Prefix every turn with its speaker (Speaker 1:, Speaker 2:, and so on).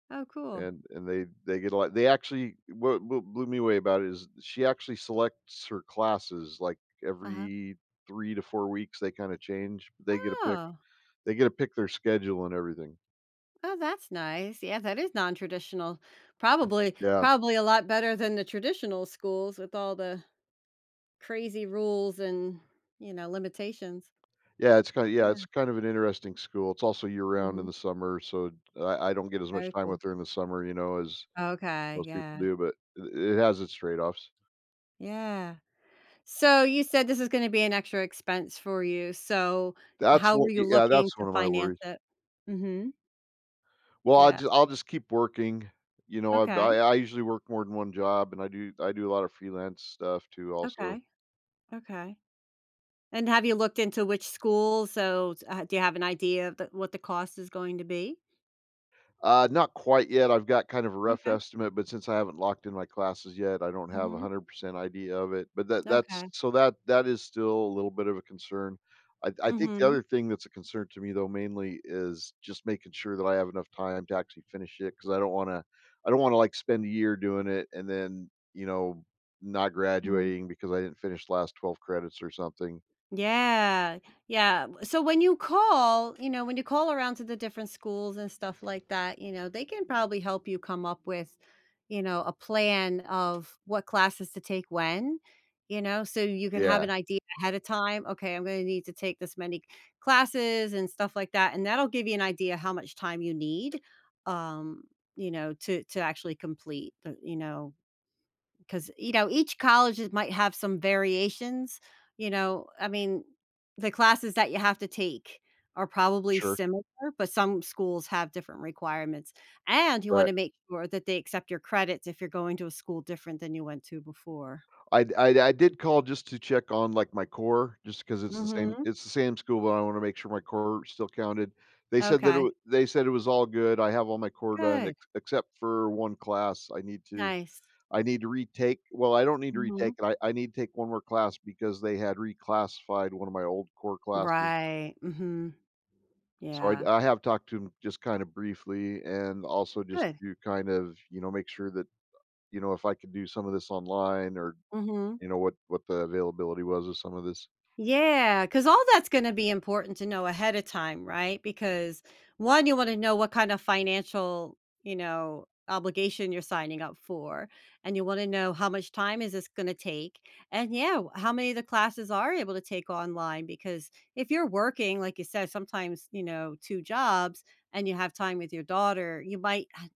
Speaker 1: Oh, cool.
Speaker 2: And and they they get a lot, they actually what what blew me away about it is she actually selects her classes, like,
Speaker 1: Uh-huh.
Speaker 2: every 3 to 4 weeks, they kinda change. They get to pick
Speaker 1: Oh.
Speaker 2: they get to pick their schedule and everything.
Speaker 1: Oh, that's nice. Yeah, that is nontraditional, probably
Speaker 2: Yeah.
Speaker 1: probably a lot better than the traditional schools with all the crazy rules and, you know, limitations.
Speaker 2: Yeah, it's kinda yeah,
Speaker 1: Yeah.
Speaker 2: it's kind of an interesting school, it's also year-round in
Speaker 1: Mhm.
Speaker 2: the summer, so I I don't get as much
Speaker 1: Very
Speaker 2: time
Speaker 1: cool.
Speaker 2: with her in the summer, you know, as
Speaker 1: Okay,
Speaker 2: most people
Speaker 1: yeah.
Speaker 2: do, but, i it has its trade-offs.
Speaker 1: Yeah. So you said this is gonna be an extra expense for you, so
Speaker 2: That's
Speaker 1: how
Speaker 2: w
Speaker 1: were you
Speaker 2: y yeah,
Speaker 1: looking
Speaker 2: that's
Speaker 1: to
Speaker 2: 1 of my
Speaker 1: finance
Speaker 2: worries.
Speaker 1: it? Mhm.
Speaker 2: Well, I'll
Speaker 1: Yeah.
Speaker 2: just I'll just keep working, you know, I ba
Speaker 1: Okay.
Speaker 2: I usually work more than 1 job and I do I do a lot of freelance stuff, too, also.
Speaker 1: Okay, okay. And have you looked into which schools? So, s uh, do you have an idea of th what the cost is going to be?
Speaker 2: Uh, not quite yet. I've got kind of a rough
Speaker 1: Okay.
Speaker 2: estimate, but since I haven't locked in my classes yet, I don't have a
Speaker 1: Mhm.
Speaker 2: hundred percent idea of it, but that that's
Speaker 1: Okay.
Speaker 2: so that that is still a little bit of a concern. I I think the
Speaker 1: Mhm.
Speaker 2: other thing that's a concern to me though, mainly is just making sure that I have enough time to actually finish it, 'cause I don't wanna I don't wanna, like, spend a year doing it and then, you know, not
Speaker 1: Mhm.
Speaker 2: graduating because I didn't finish the last 12 credits or something.
Speaker 1: Yeah. Yeah, w so, when you call, you know, when you call around to the different schools and stuff like that, you know, they can probably help you come up with, you know, a plan of what classes to take when, you know, so you can have
Speaker 2: Yeah.
Speaker 1: an idea ahead of time, "Okay, I'm gonna need to take this many classes," and stuff like that, and that'll give you an idea how much time you need, um, you know, to to actually complete the you know 'cause, you know, each colleges might have some variations, you know, I mean, the classes that you have to take are probably
Speaker 2: Sure.
Speaker 1: similar, but some schools have different requirements, and you
Speaker 2: Right.
Speaker 1: wanna make sure that they accept your credits if you're going to a school different than you went to before.
Speaker 2: I d I did call just to check on, like, my core, just 'cause it's the same
Speaker 1: Mhm.
Speaker 2: it's the same school, but I wanna make sure my core still counted. They said that it
Speaker 1: Okay.
Speaker 2: w they said it was all good, I have all my core done,
Speaker 1: Good.
Speaker 2: ex except for 1 class I need to
Speaker 1: Nice.
Speaker 2: I need to retake. Well, I don't need to
Speaker 1: Mhm.
Speaker 2: retake it. I I need to take 1 more class because they had reclassified 1 of my old core classes.
Speaker 1: Right, mhm.
Speaker 2: So I'd
Speaker 1: Yeah.
Speaker 2: I have talked to him just, kinda, briefly and also just
Speaker 1: Good.
Speaker 2: to kind of, you know, make sure that, you know, if I could do some of this online or
Speaker 1: Mhm.
Speaker 2: you know, what what the availability was of some of this.
Speaker 1: Yeah, 'cause all that's gonna be important to know ahead of time, right? Because 1, you wanna know what kind of financial, you know, obligation you're signing up for, and you wanna know how much time is this gonna take, and yeah, w how many of the classes are you able to take online, because if you're working, like you said, sometimes, you know, 2 jobs and you have time with your daughter, you might han